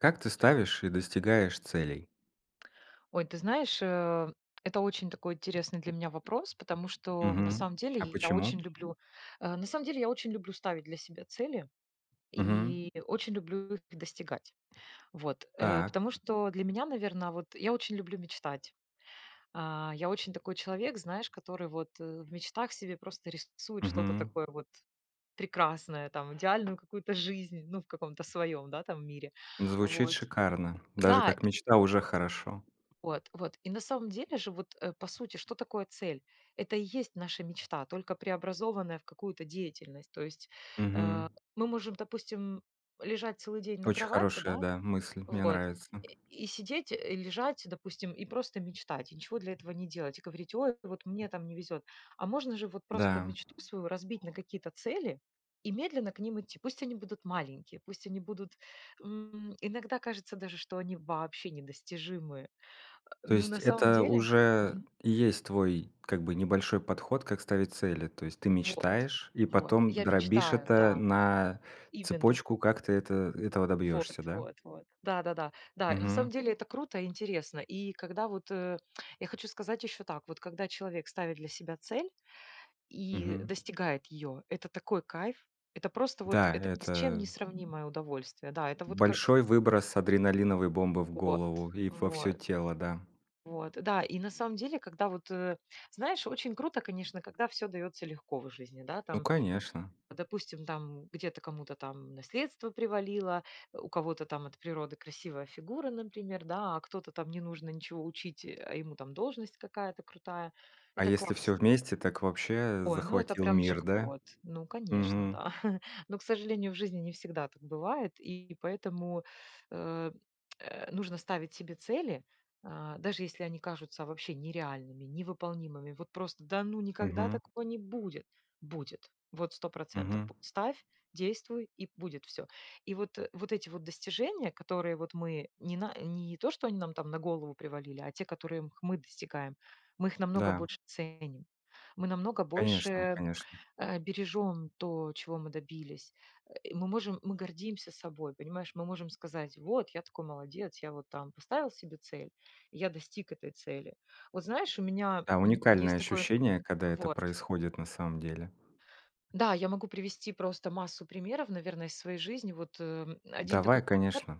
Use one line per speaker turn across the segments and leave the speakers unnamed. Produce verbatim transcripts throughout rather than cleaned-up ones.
Как ты ставишь и достигаешь целей?
Ой, ты знаешь, э, это очень такой интересный для меня вопрос, потому что на
Мгм.
самом деле
А
я очень
почему?
люблю, э, на самом деле я очень люблю ставить для себя цели
Мгм.
и очень люблю их достигать. Вот, э,
Так.
потому что для меня, наверно, вот я очень люблю мечтать. Э, я очень такой человек, знаешь, который вот, э, в мечтах себе просто рисует что-то
Мгм.
такое вот прекрасное, там идеальную какую-то жизнь ну в каком-то своём, да там мире.
Звучит
Вот.
шикарно! Даже
Да
как
и
мечта, уже хорошо!
Вот, вот. И на самом деле же, вот, э, по сути, что такое цель? Это и есть наша мечта, только преобразованная в какую-то деятельность. То есть, э,
Мгм.
мы можем, допустим, лежать целый день на
Очень
кровати,
хорошая,
да
да мысль. Мне
вот
нравится.
и сидеть, э, лежать допустим и просто мечтать, и ничего для этого не делать. И говорить: "Ой, вот мне там не везёт". А можно же вот просто
Да.
мечту свою разбить на какие-то цели и медленно к ним идти. Пусть они будут маленькие, пусть они будут, м, иногда кажется даже, что они вообще недостижимые, э,
То
ну
есть-
на самом
это
деле,
уже
мгм.
есть твой, как бы, небольшой подход как ставить цели. То есть ты
Вот,
мечтаешь, и
вот
потом
я
дробишь
мечтаю,
это
да,
на
именно.
цепочку, как ты это этого
Вот
добьешься, да?
вот вот. Да-да-да. Да, и на самом
Мгм.
деле это круто и интересно. И когда вот, э, я хочу сказать ещё так: вот когда человек ставит для себя цель и
Мгм.
достигает её, это такой кайф, это просто вот
Да,
это ни с чем не
это
сравнимое удовольствие. Да, это вот как
большой выброс адреналиновой бомбы в
Вот,
голову, и во всё
вот.
тело, да.
Вот, да и на самом деле, когда вот, э, знаешь, очень круто, конечно, когда всё даётся легко в жизни. Да,
Ну,
там,
конечно.
допустим, там где-то кому-то там наследство привалило, у кого-то там от природы красивая фигура, например, да, а кто-то там не нужно ничего учить, э, а ему там должность какая-то крутая.
А
Это
если всё
классно!
вместе, так вообще
Ой, ну это
захватил
прям
мир, да?
джек-пот! Ну, конечно,
Мгм.
да. Но, к сожалению, в жизни не всегда так бывает, и поэтому, э, нужно ставить себе цели, э, даже если они кажутся вообще нереальными, невыполнимыми. Вот просто: "Да ну никогда
Мгм.
такого не будет!" Будет. Вот сто процентов
Мгм.
будет. Ставь, действуй и будет всё. И вот, э, вот эти вот достижения, которые вот мы ни на не то, что они нам там на голову привалили, а те, которые х мы достигаем. Мы их намного
Да.
больше ценим, мы намного
Конечно
больше,
конечно!
э, бережем то, чего мы добились, э, мы можем, мы гордимся собой, понимаешь, мы можем сказать: вот, я такой молодец, я вот там поставил себе цель, я достиг этой цели. Вот знаешь, у меня,
Да,
м, есть
уникальные
такое.
ощущения когда это
Вот
происходит на самом деле.
Да, я могу привести просто массу примеров, наверно, из своей жизни. Вот, э, один такой
Давай
пример,
конечно.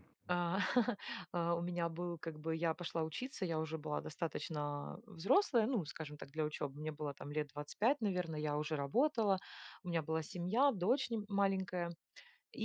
э, у меня был, как бы я пошла учиться, я уже была достаточно, а, взрослая. Ну, скажем так, для учёбы мне было там лет двадцать пять, наверное, я уже работала, у меня была семья, дочь нь маленькая.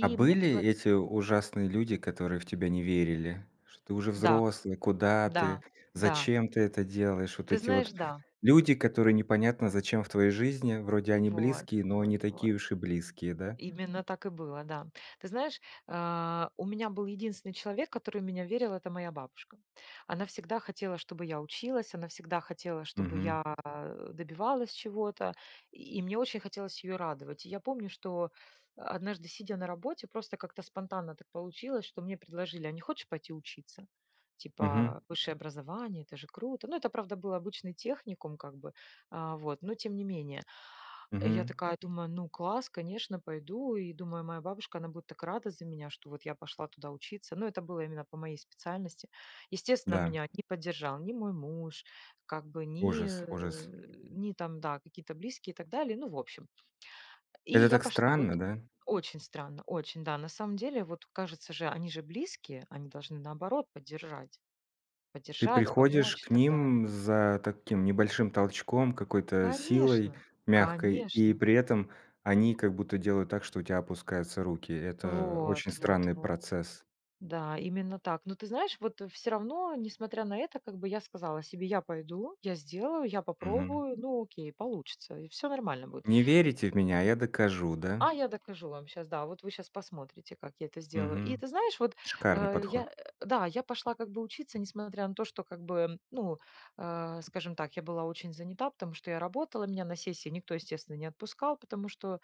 А
мне
были
предла
эти ужасные люди, которые в тебя не верили? Что ты уже
Да.
взрослый, куда ты,
Да, да.
зачем ты это делаешь? Вот
Ты
эти
знаешь, да.
люди, которые непонятно зачем в твоей жизни, вроде они
Вот,
близкие, но
вот,
не такие
вот.
уж и близкие, да.
Именно так и было, да. Ты знаешь, э, у меня был единственный человек, который в меня верил, это моя бабушка. Она всегда хотела, чтобы я училась, она всегда хотела, чтобы
Мгм.
я, э, добивалась чего-то, и мне очень хотелось её радовать. И я помню, что однажды, сидя на работе, просто как-то спонтанно так получилось, что мне предложили: "А не хочешь пойти учиться?"
Мгм.
Типа, "Высшее образование это же круто!" Ну это, правда, был обычный техникум, как бы, а, вот, но тем не менее. И я
Мгм.
такая думаю: "Ну класс, конечно, пойду!" И думаю, моя бабушка она будет так рада за меня, что вот я пошла туда учиться. Ну это было именно по моей специальности. Естественно,
Да.
меня не поддержал ни мой муж, как бы ни,
Ужас ужас.
э, ни там да какие-то близкие и так далее, ну в общем. И
Это
я
так
пошла. Вот
странно, да.
очень странно, очень да на самом деле вот кажется же они же близкие, они должны наоборот поддержать.
Ты
Поддержать,
приходишь
помочь и
к
так далее.
ним за таким небольшим толчком, какой-то силой,
Конечно
мягкой, и
конечно.
при этом они как будто делают так, что у тя опускаются руки. Это
Вот,
очень
вот,
странный
вот.
процесс.
Да, именно так, ну ты знаешь вот всё равно несмотря на это, как бы я сказала себе: "Я пойду, я сделаю, я
Мгм.
попробую. Ну окей получится и всё нормально будет."
Не верите в меня, а я докажу, да?
А я докажу вам щас, да вот вы щас посмотрите, как я это сделаю. И
Мгм,
ты знаешь, вот,
шикарный
э,
подход.
я, да я пошла как бы учиться, несмотря на то, что как бы ну, а, скажем так, я была очень занята, потому что я работала. Меня на сессии никто, естественно, не отпускал, потому что,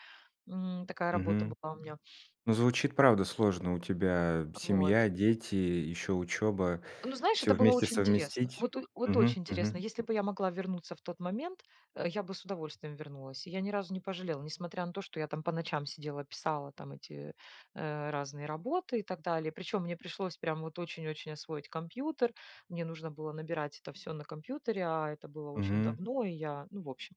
м, такая работа
Мгм.
была у меня.
Ну, звучит правда сложно, у тебя
А, вот.
семья, дети, ещё учеба,
Ну, знаешь,
всё
это было
вместе
очень интересно.
совместить.
Вот о вот
Мгм
очень интересно.
мгм.
Если бы я могла вернуться в тот момент, э, я бы с удовольствием вернулась. Я ни разу не пожалела, несмотря на то, что я там по ночам сидела, писала там эти, э, разные работы и так далее. Причём мне пришлось прям вот очень очень освоить компьютер, мне нужно было набирать это всё на компьютере, а это было очень
Мгм.
давно и я, ну, в общем.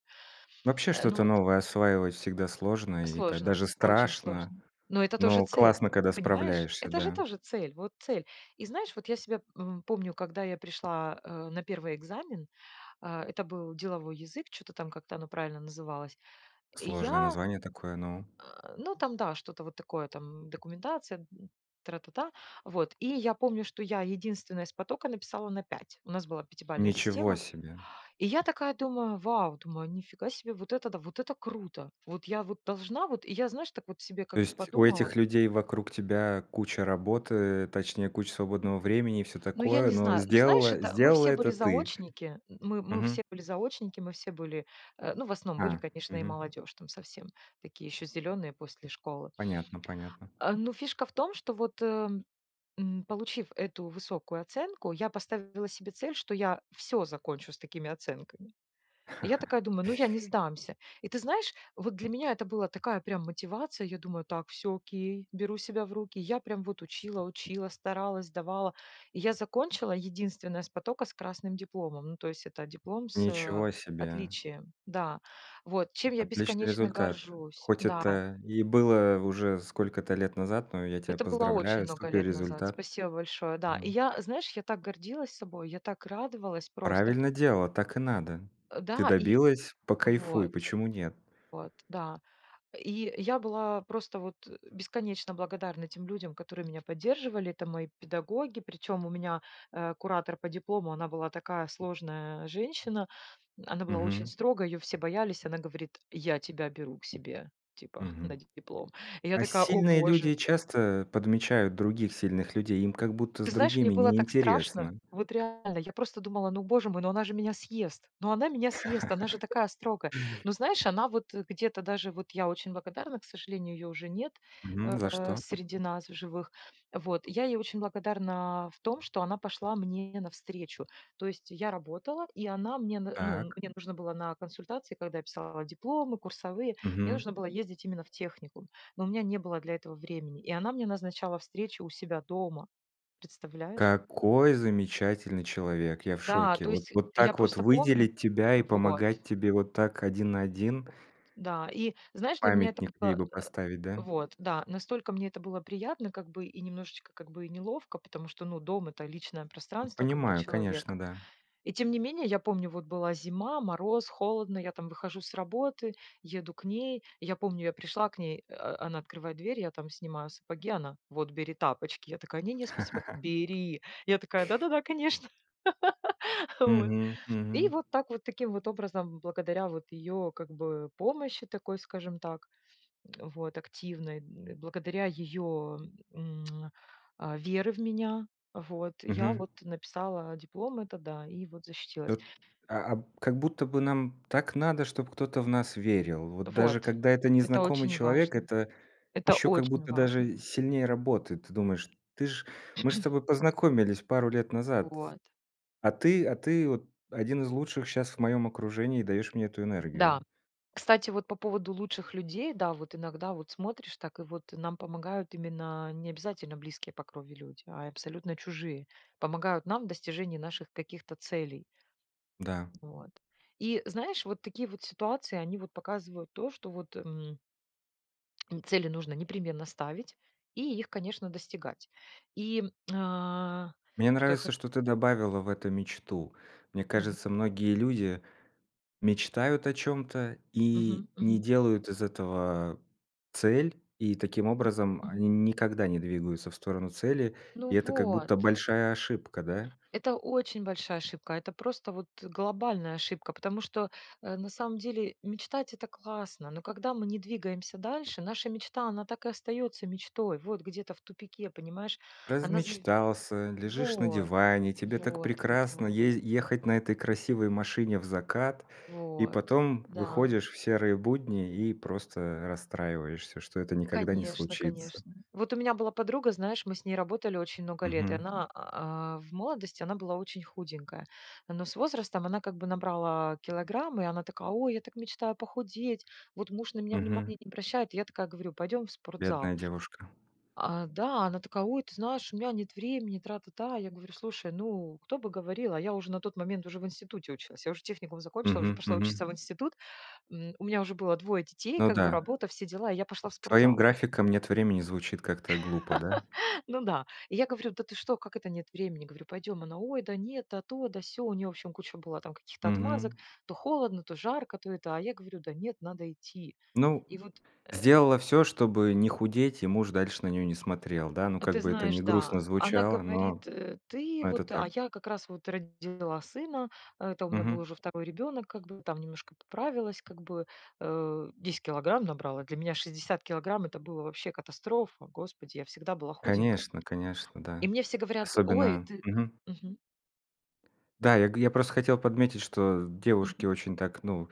Вообще
Э, ну
что-то
вот
новое осваивать всегда сложно, и та
Сложно,
даже
очень
страшно,
сложно, но это тоже
но
цель,
классно, когда
понимаешь?
справляешься,
Это же
да.
тоже цель. Вот цель. И знаешь, вот я себя, м, помню, когда я пришла, э, на первый экзамен, а, это был деловой язык, чё-то там как-то оно правильно называлось, и
Сложное
я
название такое, ну.
ну там да, что-то вот такое, там документация, тра-та-та. Вот, и помню, что я единственная с потока написала на пять. У нас была пятибалльная
Ничего
система.
себе!
И я такая думаю: "Вау, думаю нифига себе, вот это да, вот это круто! Вот я вот должна вот" и я знаешь так вот себе как
То
бы
есть у
подумала
этих людей вокруг тебя куча работы, точнее куча свободного времени и всё
Ну, я
такое,
не
но
знаю, ну знаешь
сделала
это мы
сделала
все
это
были
ты?
заочники, мы мы
Мгм.
все были заочники мы все были, э, ну в основном были,
А,
конечно, и
мгм.
молодежь, там совсем, такие ещё зелёные после школы.
Понятно понятно.
Э, но фишка в том, что, вот, эм, получив эту высокую оценку, я поставила себе цель, что я всё закончу с такими оценками. Я такая думаю: "Ну, я не сдамся". И ты знаешь, вот для меня это было такая прям мотивация, я думаю: "Так, всё окей, беру себя в руки". Я прям вот учила учила, старалась, сдавала. Я закончила единственная с потока с красным дипломом, ну то есть это диплом с, э,
Ничего себе!
отличием. Да, вот чем я
Отличный
бесконечно
результат!
горжусь.
Хоть
Да.
это и было уже сколько-то лет назад, но я тебя
Это было очень
поздравляю
много
супер
лет назад,
результат!
спасибо большое, да. И
Мгм.
я, знаешь, я так гордилась собой, я так радовалась просто.
Правильно делала, так и надо, ты
Да и,
добилась- покайфуй,
вот.
почему нет?
Вот, да. И я была просто вот, э, бесконечно благодарна тем людям, которые меня поддерживали. Это мои педагоги, причём у меня, э, куратор по диплому, она была такая сложная женщина, она была очень
Мгм.
строгая, её все боялись, она говорит: "Я тебя беру к себе типа на
Мгм.
ди диплом". И я
А
такая: "О,
сильные люди
Боже!"
часто, э, подмечают других сильных людей, им как будто с
Ты знаешь, мне
другими
было
не
так страшно,
интересно.
вот реально, я просто думала: "Ну, Боже мой, ну она же меня съест, ну она меня съест, она же такая строгая". Ну, знаешь, она вот где-то даже вот я очень благодарна, к сожалению, её уже нет,
Мгм, за
э,
что?
среди нас в живых. Вот, я ей очень благодарна в том, что она пошла мне навстречу. То есть я работала, и она мне н ну
Так.
мне нужно было на консультации, когда писала дипломы курсовые, мне
Мгм.
нужно было ездить именно в техникум, но у меня не было для этого времени, и она мне назначала встречу у себя дома. Представляешь?
Какой замечательный человек, я в
Да,
шоке,
то
вот
есть
вот
я
так вот
просто помню.
выделить тебя и
Вот.
помогать тебе вот так один на один.
Да, и знаешь, для меня это
Памятник ей
было,
бы
э,
поставить, да?
вот да настолько мне это было приятно, как бы, и немножечко, как бы, и неловко. Потому что, ну дом это личное пространство как бы
Понимаю конечно,
человека.
да.
И тем не менее, я помню, вот была зима, мороз, холодно, я там выхожу с работы, еду к ней. И я помню, я пришла к ней, э, она открывает дверь, я там снимаю сапоги, она: "Вот бери тапочки". Я такая: "Не не, спасибо". "Бери". Я такая: "Да-да-да, конечно". Э, вот.
Мгм, мгм.
И вот так таким вот образом, благодаря вот её как бы помощи, такой скажем так, вот активной, благодаря её, м, а, веры в меня, вот я
Мгм.
вот написала диплом этот, да, и вот защитилась.
От, а а, б как будто бы нам так надо, чтобы кто-то в нас верил. Вот даже
Вот.
когда это
Это
незнакомый
очень
человек,
важно.
это
Это
ещё как
очень
будто
важно.
даже сильнее работает. Ты думаешь: "Ты ж мы же с тобой познакомились пару лет назад,
Вот.
а ты а ты вот один из лучших щас в моём окружении и даёшь мне эту
Да,
энергию".
кстати, вот по поводу лучших людей. Да, вот иногда вот смотришь, так и вот нам помогают именно не обязательно близкие по крови люди, а абсолютно чужие помогают нам в достижении наших каких-то целей.
Да.
Вот, и знаешь вот такие вот ситуации они вот показывают то, что вот, м цели нужно непременно ставить, и их, конечно, достигать. И, м, а,
Мне
что я хо
нравится, что ты добавила в это мечту. Мне
Мгм.
кажется, многие люди мечтают о чём-то и
Мгм,
не
мгм.
делают из этого цель, и таким образом
Мгм.
они никогда не двигаются в сторону цели,
Ну
и это как
вот.
будто большая ошибка, да?
Это очень большая ошибка, это просто вот глобальная ошибка, потому что, э, на самом деле мечтать это классно. Но когда мы не двигаемся дальше, наша мечта она так и остаётся мечтой. Вот где-то в тупике, понимаешь? Она зави
Размечтался, лежишь на
вот
диване, тебе так
вот вот
прекрасно
вот.
езди ехать на этой красивой машине в закат, и
Вот,
потом
да.
выходишь в серые будни, и просто расстраиваешься, что это никогда не
Конечно
случится.
конечно. Вот у меня была подруга, знаешь, мы с ней работали очень много лет, и
Мгм.
она, а, в молодости она была очень худенькая. Но с возрастом она как бы набрала килограммы и она такая: "Ой, я так мечтаю похудеть, вот муж на меня
Мгм.
внимания не обращает", я такая говорю: "Пойдем в спортзал!"
Бедная девушка.
А, да. А она такая: "Ой, ты знаешь, у меня нет времени, тра-та-та". Я говорю: "Слушай, ну кто бы говорил?" А я уже на тот момент уже в институте училась. Я уже техникум закончила, уже
Мгм,
пошла
мгм.
учиться в институт. М, у меня уже было двое детей,
Ну
как бы
да.
работа, все дела, и я пошла в
С твоим
спортзал.
графиком "нет времени" звучит как-то глупо, да?
Ну да. И я говорю: "Да ты что, как это нет времени?" Говорю: "Пойдем". Она: "Ой, да нет, да то, да сё". У неё в общем куча была там каких-то отмазок.
Мгм.
То холодно, то жарко, то это. А я говорю: "Да нет, надо идти".
Ну,
И вот
сделала всё, чтобы не худеть, и муж дальше на неё не смотрел, да ну
А
как
ты
бы это
знаешь,
не
да.
грустно
Она
звучало, но
говорит: "Э, ты
но это
вот",
так.
а я как раз вот родила сына, это у меня был
Мгм.
уже второй ребёнок, как бы там немножко поправилась, как бы, э, десять килограмм набрала. Для меня шестьдесят килограмм это было вообще катастрофа, Господи, я всегда была худенькая.
Конечно конечно,
И
да.
мне все говорят: "Ой,
Особенно
ты"
мгм.
мгм.
Да, г я просто хотел подметить, что девушки
Мгм.
очень так, ну,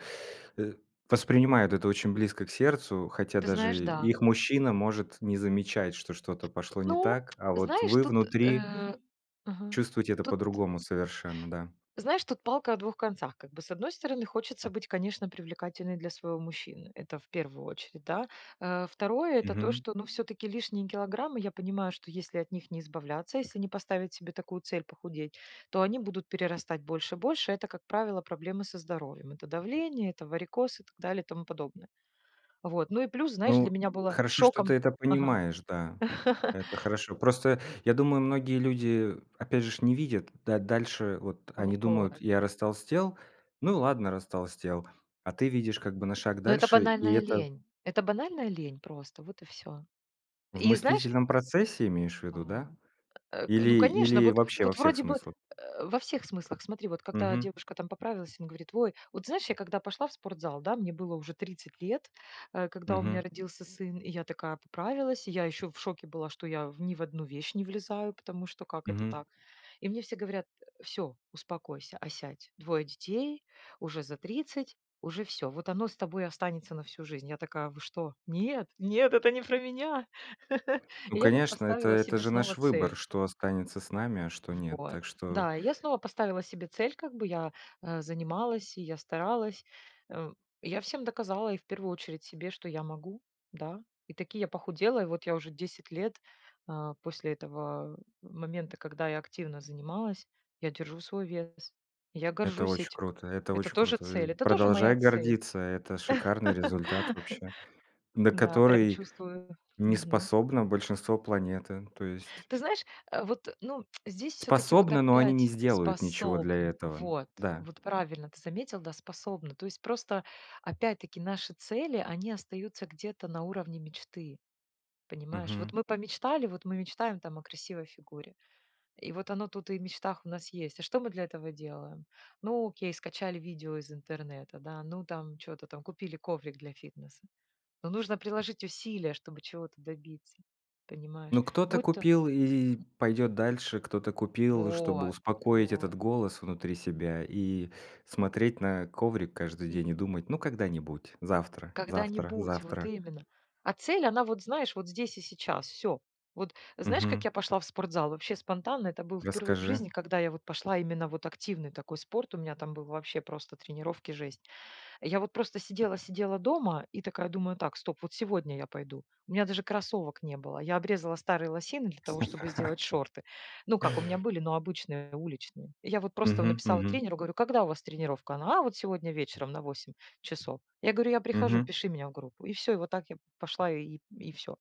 э, воспринимают это очень близко к сердцу, хотя
Ты знаешь,
даже
да.
их мужчина может не замечать, что что-то пошло не
Ну,
так, а вот
знаешь,
вы
тут,
внутри
э, ага
чувствуете это
тут,
по-другому совершенно, да.
знаешь, тут палка о двух концах как бы. С одной стороны, хочется быть, конечно, привлекательной для своего мужчины. Это в первую очередь, да. Э, второе- это то,
Мгм.
что ну всё-таки лишние килограммы я понимаю, что если от них не избавляться, если не поставить себе такую цель похудеть, то они будут перерастать больше больше. Это, как правило, проблемы со здоровьем это давление, это варикоз, и так далее, и тому подобное. Вот, ну и плюс, знаешь, для
Ну
меня было
хорошо, что ты
шоком
это
Ага.
понимаешь, да. Это хорошо. Просто я думаю многие люди опять же ж не видят да дальше. Вот
В
они
вот.
думают: "Я растолстел, ну ладно растолстел", а ты видишь как бы на шаг
Ну это
дальше и
банальная
это
лень, это банальная лень просто, вот и всё.
В
И знаешь
мыслительном процессе имеешь ввиду, да?
Вот, э, ну,
Или
конечно,
или
вот
вообще во
вот
всех
вроде бы,
смыслах?
э, во всех смыслах. Смотри, вот когда
Мгм.
девушка там поправилась, он говорит: "Ой", вот знаешь, я когда пошла в спортзал, да мне было уже тридцать лет, э, когда у меня
Мгм.
родился сын, и я такая поправилась. Я ещё в шоке была, что я в ни в одну вещь не влезаю, потому что как это
Мгм.
так? И мне все говорят: "Всё, успокойся, осядь, двое детей, уже за тридцать, уже всё, вот оно с тобой останется на всю жизнь". Я такая: "Вы что? Нет, нет, это не про меня".
Ну
И я вот
конечно, это
поставила
это
себе
же
снова
наш выбор,
цель.
что останется с нами, а что нет.
Вот,
Так что
да и я снова поставила себе цель, как бы я, э, занималась, и я старалась, м, я всем доказала и в первую очередь себе, что я могу, да. И таки я похудела, и вот я уже десять лет, э, после этого момента, когда я активно занималась, я держу свой вес, я
Это
горжусь
оч
этим.
круто, это
Это
оч
тоже
круто.
цель, это тоже
Продолжай
моя цель.
гордиться, это шикарный результат вообще, на
Да, прям
который
чувствую,
не
мгм.
способно большинство планеты. То есть
Ты знаешь, э, вот ну здесь всё-таки вот
Способны, но они не
опять
сделают ничего для
способны.
этого,
Вот
да.
вот правильно ты заметил, да способны. То есть просто, опять таки наши цели они остаются где-то на уровне мечты. Понимаешь! Вот
Мгм.
мы помечтали вот мы мечтаем там о красивой фигуре, и вот оно тут и в мечтах у нас есть. А что мы для этого делаем? Ну окей, скачали видео из интернета, да, ну там чё-то там купили коврик для фитнеса. Но нужно приложить усилия, чтобы чего-то добиться. Понимаешь,
Ну кто-то
будь то
купил и пойдёт дальше, кто-то купил, чтобы
Вот,
успокоить этот
вот.
голос внутри себя, и смотреть на коврик каждый день и
Мгм.
думать: "Ну когда-нибудь, завтра завтра
Когда-нибудь, вот
завтра".
именно. А цель она вот знаешь, вот здесь и сейчас. Всё. Вот знаешь, как
Мгм.
я пошла в спортзал? Вообще спонтанно это был впервые в
Расскажи.
жизни, когда я вот пошла именно вот активный такой спорт, у меня там был вообще просто тренировки жесть. Я вот просто сидела сидела дома и такая думаю: "Так, стоп, вот сегодня я пойду". У меня даже кроссовок не было, я обрезала старые лосины для того, чтобы сделать шорты. Ну как у меня были, но обычные уличные. Я вот просто в
Мгм
написала
мгм.
тренеру говорю: "Когда у вас тренировка?" А вот сегодня вечером на восемь часов. Я говорю: "Я прихожу,
Мгм.
пиши меня в группу". И всё, вот так я пошла и и всё,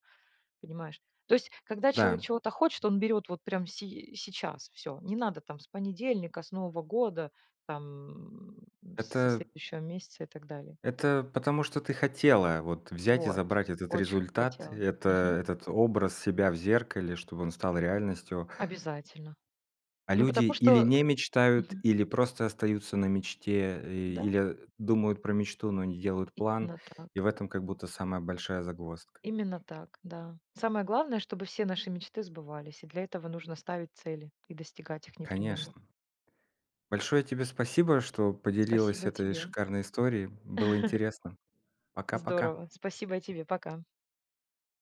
понимаешь. То есть, когда человек
Да.
чего-то хочет, он берёт вот прямо сей сейчас и всё. Не надо там с понедельника, с нового года, там, со
Это
следующего месяца, и так далее.
это потому что ты хотела вот взять и
Вот
забрать этот
очень
результат,
хотела,
это
мгм.
этот образ себя в зеркале, чтобы он стал реальностью.
Обязательно.
А
Ну
люди
потому
или
что,
не
э
мечтают,
Мгм.
или просто остаются на мечте, э,
Да.
или, а, думают про мечту, но не делают план,
Именно
и
так.
в этом как будто самая большая загвоздка.
Именно так, да. Самое главное, чтобы все наши мечты сбывались, и для этого нужно ставить цели, и достигать их непременно.
Конечно! Большое тебе спасибо, что поделилась
Спасибо и
этой
тебе.
шикарной историей, было интересно. Пока пока.
Здорово. Спасибо и тебе. Пока.